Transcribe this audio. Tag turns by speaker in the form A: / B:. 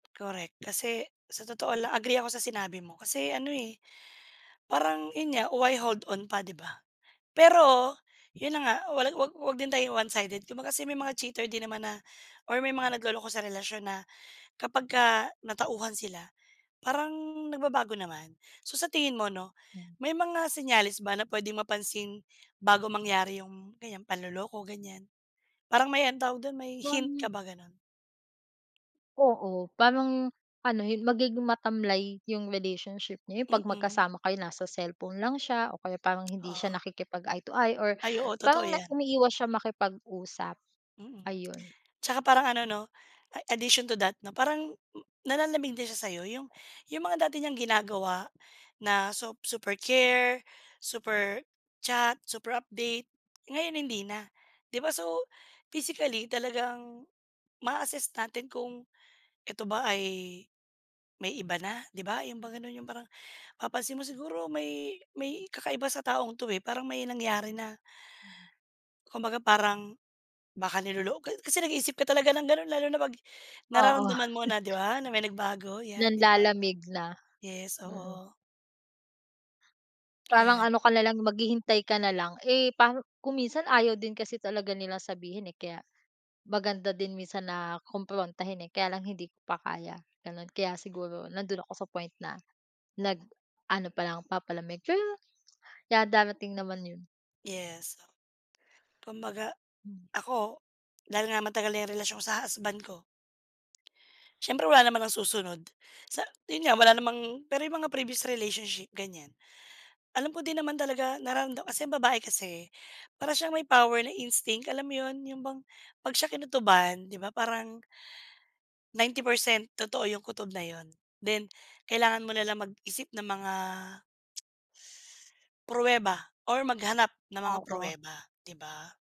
A: Correct kasi, sa totoo lang agree ako sa sinabi mo kasi ano, eh, parang yun nga, why hold on pa 'di ba? Pero, yun na nga wala wag wag din tayong one-sided kung kasi may mga cheater din naman na or may mga nagloloko sa relasyon na kapagka natauhan sila, parang nagbabago naman. So sa tingin mo 'no,
B: Hmm.
A: may mga senyales ba na puwedeng mapansin bago mangyari yung ganiyan panloloko, ganiyan? Parang may ano tawag dun, may hint ka
B: Wan
A: ba, ganon?
B: Oo, parang, ano hi magiging matamlay yung relationship niyo, yun 'pag
A: Mm.
B: magkasama kayo nasa cellphone lang siya, o kaya parang hindi siya
A: Ah.
B: nakikipag-eye-to-eye or
A: Ay oo, totoo
B: parang na
A: yan.
B: umiiwas siyang makipag-usap,
A: Mm.
B: ayun.
A: 'Tsaka parang ano 'no a addition to that 'no parang nanlalamig din siya sa 'yo yung yung mga dati niyang ginagawa na sop super care, super chat, super update, ngayon hindi na. 'Di ba so, physically talagang ma-a-assess natin kung, eto ba ay may iba na 'di ba, yun ba ganun yung parang papansin mo siguro may may kakaiba sa taong 'to, eh, parang may nangyari na
B: Mm.
A: Kumbaga parang baka nilolok ka kasi nag-iisip ka talaga ng ganon lalo na pag
B: Oo.
A: nararamdaman mo na 'di ba na may nagbago yan, 'di ba?
B: Nanlalamig na,
A: Yes,
B: ganun.
A: oo.
B: Parang
A: Ayan.
B: ano ka nalang maghihintay ka nalang, eh, parang kung minsan ayaw din kasi talaga nilang sabihin, eh, kaya maganda din minsan na kumprontahin, eh, kaya lang hindi ko pa kaya, ganon kaya siguro nandoon ako sa point na nag ano palang papalamig pero yeah, darating naman yun.
A: Yes. Kumbaga
B: Hmm.
A: ako dahil nga matagal na yung relasyon sa husband ko siyempre wala naman nang susunod sa yun nga wala namang pero yung mga previous relationship ganiyan. Alam ko din naman talaga nararamdaman kasi yung babae kasi para siyang may power na instinct, alam mo yun, yung bang 'pag siya kinutuban 'di ba parang 90% totoo yung kutob na yun, then kailangan mo nalang mag-isip ng mga pruweba or maghanap ng mga
B: Oo.
A: pruweba, 'di ba?